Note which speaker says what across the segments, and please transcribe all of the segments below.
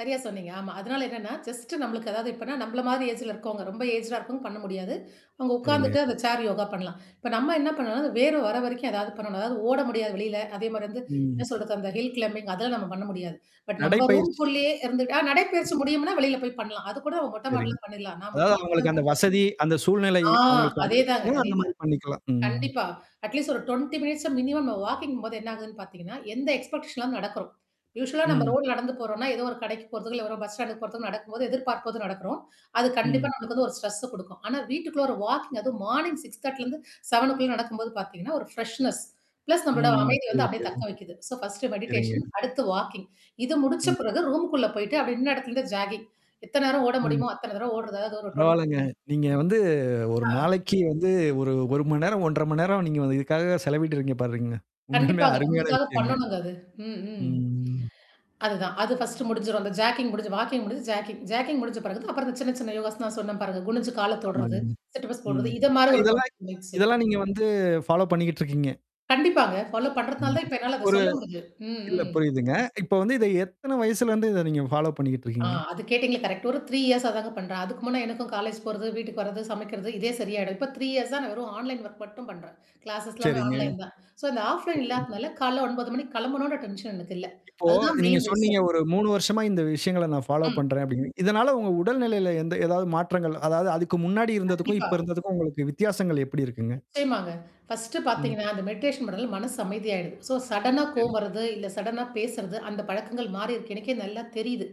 Speaker 1: சரியா சொன்னீங்க. ஆமா. அதனால என்னன்னா, ஜஸ்ட் நம்மளுக்கு ஏதாவது இப்பன்னா நம்மள மாரி ஏஜ்ல இருக்கவங்க. ரொம்ப ஏஜா இருக்கவங்க பண்ண முடியாது. அங்க
Speaker 2: சரிங்க.
Speaker 1: உட்காந்துட்டு அந்த சேர் யோகா பண்ணலாம். இப்ப நம்ம என்ன பண்ணோம்னா அந்த வேர்வ வர வரைக்கும் ஏதாவது பண்ணணும். அதாவது ஓட முடியாது வெளியில. அதே மாரி வந்து
Speaker 2: ம்.
Speaker 1: என்ன சொல்றது அந்த ஹில் கிளேம்பிங் அதல்ல நம்ம பண்ண முடியாது. பட்
Speaker 2: நடை
Speaker 1: நம்ப
Speaker 2: பயிற்சி.
Speaker 1: ரூம்க்குள்ளேயே இருந்துட்ட நடைப்பயிற்சி முடியும்னா வெளியில போய் பண்ணலாம். அது கூட நம்ம மொட்டை
Speaker 2: சரிங்க,
Speaker 1: மாட்டில பண்ணிடலாம், நான் மொட்டை
Speaker 2: அதாவது
Speaker 1: மாட்டில
Speaker 2: அவங்களுக்கு
Speaker 1: தான்
Speaker 2: அந்த
Speaker 1: பண்ணுவேன்.
Speaker 2: வசதி, அந்த சூழ்நிலை
Speaker 1: ஆ
Speaker 2: அவங்களுக்கு
Speaker 1: அதேதாங்க,
Speaker 2: அமைஞ்சிச்சுன்னா அந்த மாரி
Speaker 1: அதேதாங்க.
Speaker 2: பண்ணிக்கலாம். ம்.
Speaker 1: கண்டிப்பா. அட்லீஸ்ட் ஒரு 20 மினிட்ஸ் மினிமம் ந வாக்கிங்ம்போது என்ன ஆகுதுன்னு பார்த்தீங்கன்னா, எந்த எக்ஸ்பெக்டேஷன் இல்லாம நடக்கறோ. யூவலா நம்ம
Speaker 2: ம்.
Speaker 1: ரோட்ல நடந்து போறோம்னா, ஏதோ ஒரு கடைக்கு போறத்ததுக்கு இ ஏதோ பஸ் ஸ்டாண்டக்கு போறக்கு நடக்கும்போது, எதிர்பார்ப்பு போது நடக்கறோம். அது கண்டிப்பா
Speaker 2: ம்.
Speaker 1: நமக்கு வந்து ஒரு ஸ்ட்ரெஸ்ஸ குடுக்கும். ஆனா வீட்டுக்குள்ள ஒரு வாக்கிங் அது மார்னிங் 6:30, 7 நடக்கும்போது பாத்தீங்கன்னா, ஒரு ஃப்ரெஷ்னஸ் ப்ளஸ் நம்மளட
Speaker 2: ம்
Speaker 1: அமைதிய
Speaker 2: சரி,
Speaker 1: வந்து அப்படியியே
Speaker 2: சரி.
Speaker 1: தக்கவைக்குது. ஸோ ஃபர்ஸ்ட்டு
Speaker 2: சரிங்க.
Speaker 1: மெடிடேஷன் அடுத்து வாக்கிங். இது முடிச்ச
Speaker 2: ம்.
Speaker 1: பிறகு ரூம்க்குள்ள போயிட்டு அப்படின இடத்துல இருந்து ஜாக்கிங் எத்தன நேரம் ஓட
Speaker 2: ம்.
Speaker 1: முடியுமோ அத்தனை தரவம் ஓடுது. அதாவது ஒரு
Speaker 2: பரவால்லங்க.
Speaker 1: டுவென்
Speaker 2: நீங்க வந்து 1
Speaker 1: ஆ.
Speaker 2: நாளைக்கு வந்து 1 மணி நேரம், 1:30 மணி நேரம் நீங்க வந்து இதுக்காக செலவிட்டுருக்கீங்க பாருங்க. உண்மையாளுமே
Speaker 1: கண்டிப்பாங்க,
Speaker 2: அருமையான
Speaker 1: நம்மளுக்காக
Speaker 2: விஷயங்க.
Speaker 1: பண்ணணுங்க அது, ம் ம்.
Speaker 2: ம்.
Speaker 1: அதுதான். அது ஃபர்ஸ்ட்ட் முடிஞ்சிரும். அந்த ஜாக்கிங் முடிஞ்சு, வாக்கிங் முடிசு ஜாக்கிங் முடிஞ்ச பிறகு அப்புறம் அந்த சின்ன சின்ன யோகாஸ் தான் சொன்னே பிறகு குனுஞ்சு கால
Speaker 2: ஆமாங்க.
Speaker 1: தொடுறது, சிட்அப்ஸ்
Speaker 2: ம்.
Speaker 1: போடுறது இத மாரி ஒரு
Speaker 2: இதெல்லாம்
Speaker 1: 20 மினிட்ஸ்.
Speaker 2: இதெல்லாம் நீங்க வந்து ஃபாலோ பண்ணிட்டு இருக்கீங்க.
Speaker 1: கண்டிப்பாங்க. ஃபாலோ பண்றதுனால
Speaker 2: ம்.
Speaker 1: தான் இப்ப என்னால அத
Speaker 2: ஒரு
Speaker 1: சொல்ல முடியஞ்சுது. ம்
Speaker 2: இல்ல
Speaker 1: ம்.
Speaker 2: புரியுதுங்க. இப்ப வந்து இத எத்தன வயசுலருந்து இத நீங்க ஃபாலோ பண்ணிக்கிட்டு
Speaker 1: ஆ,
Speaker 2: இருக்கீங்க?
Speaker 1: அது கேட்டீங்களல, கரெக்ட் ஒரு 3 இயர்ஸா தாங்க பண்றேன். அதுக்கு முன்னா எனக்கும் காலேஜ் போறது வீட்டுக்கு வரது, சமைக்கிறது, இதே சரியாயிடும். இப்போ 3 இயர்ஸ்ஸ தான் நான் வெறும் ஆன்லைன் ஒர்க் மட்டும் பண்றேன். கிளாஸ்ஸ் எல்லாமே
Speaker 2: சரிங்க.
Speaker 1: ஆன்லைன் தான். சோ இந்த ஆஃப்லைன்
Speaker 2: சரி.
Speaker 1: இல்லாதனால கால 9 மணிக்கு கிளம்பணும்னு டென்ஷன் எனக்கு இல்ல.
Speaker 2: இப்போ
Speaker 1: அதுதான்
Speaker 2: நீங்க
Speaker 1: மெயின்
Speaker 2: சொன்னீங்க
Speaker 1: விஷயம்.
Speaker 2: ஒரு 3 வருஷமா இந்த விஷயங்கள நான் ஃபாலோ
Speaker 1: ம்.
Speaker 2: பண்றேன் அப்டின்ங்கு. இதனால உங்க உடல்நிலையில எந்த ஏதாவது மாற்றங்கள் அதாவது அதுக்கு முன்னாடி இருந்ததுக்கும், இப்ப
Speaker 1: கண்டிப்பா.
Speaker 2: இருந்ததுக்கும் உங்களுக்கு வித்தியாசங்கள் எப்படி இருக்குங்க?
Speaker 1: நிச்சயமாங்க, ஃபர்ஸ்ட்டு
Speaker 2: ம்.
Speaker 1: பார்த்தீங்கன்னா, அந்த மெடிடேஷன் பண்ணுறதுல மனசு அமைதிய ஆயிடுது. ஸோ சடனா
Speaker 2: சரி.
Speaker 1: கோவம் வருறது, இல்ல சடனா பேசுறது, அந்த பழக்கங்கள் மாறிருக்கு. எனக்கே நல்லா தெரியுது.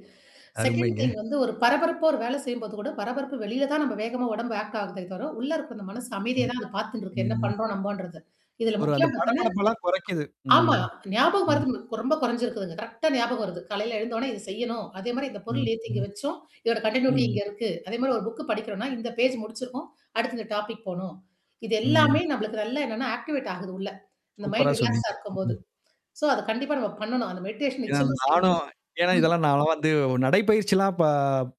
Speaker 1: செகண்ட்
Speaker 2: அருமைங்க.
Speaker 1: திங் வந்து ஒரு பரபரப்போ ஒரு வேலை செய்யும்போது கூட பரபரப்பு வெளியில தான் நம்ம வேகமா உடம்பு ஆக்ட் ஆகுத தவிர உள்ள இருக்க அந்த மனசு அமைதிய தான் அத பார்த்துன்னுருக்கு. என்ன
Speaker 2: ம்.
Speaker 1: பண்றோம் நம்ம்போன்றது, இதுல
Speaker 2: ஒரு அந்த
Speaker 1: முக்கிமானது
Speaker 2: படபடப்பெல்லாம் குறைக்குது.
Speaker 1: ஆமா,
Speaker 2: ம்.
Speaker 1: ஞாபகம் மறதி ரொம்ப குறைஞ்சிருக்குதுங்க, கரெக்ட்டா ஞாபகம் வருது. காலையில எழுந்தோனா இதது செய்யணும். அதே மாரி இந்த பொருள்
Speaker 2: ம்.
Speaker 1: நெத்திக்கு இங்க வச்சோம் இதோட கன்டினயூட்டி
Speaker 2: ம்.
Speaker 1: இங்க இருக்கு, அதே மாரி ஒரு புக் படிக்கிறோனா, இந்த பேஜ் முடிச்சிருக்கும். அடுத்து இந்த டாபிக் போணும், இது
Speaker 2: ம்.
Speaker 1: எல்லாமே நம்மளுக்கு நல்ல என்னன்னா ஆக்டிவேட் ஆகுதுள்ள. அந்த
Speaker 2: சூப்பரா
Speaker 1: மைண்ட் ரிலாக்ஸா
Speaker 2: சொன்னீங்க.
Speaker 1: இருக்கும்போது.
Speaker 2: ம்.
Speaker 1: சோ, அத கண்டிப்பா நம்ம பண்ணணும், அந்த மெடிஷன்
Speaker 2: இத
Speaker 1: நிச்சயமா
Speaker 2: நானும்
Speaker 1: செய்யணுங்க
Speaker 2: ஏன்னா
Speaker 1: ம்.
Speaker 2: இதெல்லாம் நாலாம் வந்து நடைப்பயிற்சிலாம் ப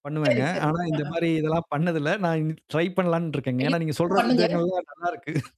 Speaker 2: பண்ணுவேங்க.
Speaker 1: சரி, சரி.
Speaker 2: ஆனா
Speaker 1: அ
Speaker 2: இந்த
Speaker 1: ஆ.
Speaker 2: மாரி இதெல்லாம் பண்ணதில்ல. நான் இ ட்ரை பண்ணலான்னு இருக்கேங்க. ஏன்னா, நீங்க
Speaker 1: [unintelligible]
Speaker 2: சொல்ற
Speaker 1: பண்ணுங்க.
Speaker 2: விதங்கள்லாம் நல்லாருக்கு.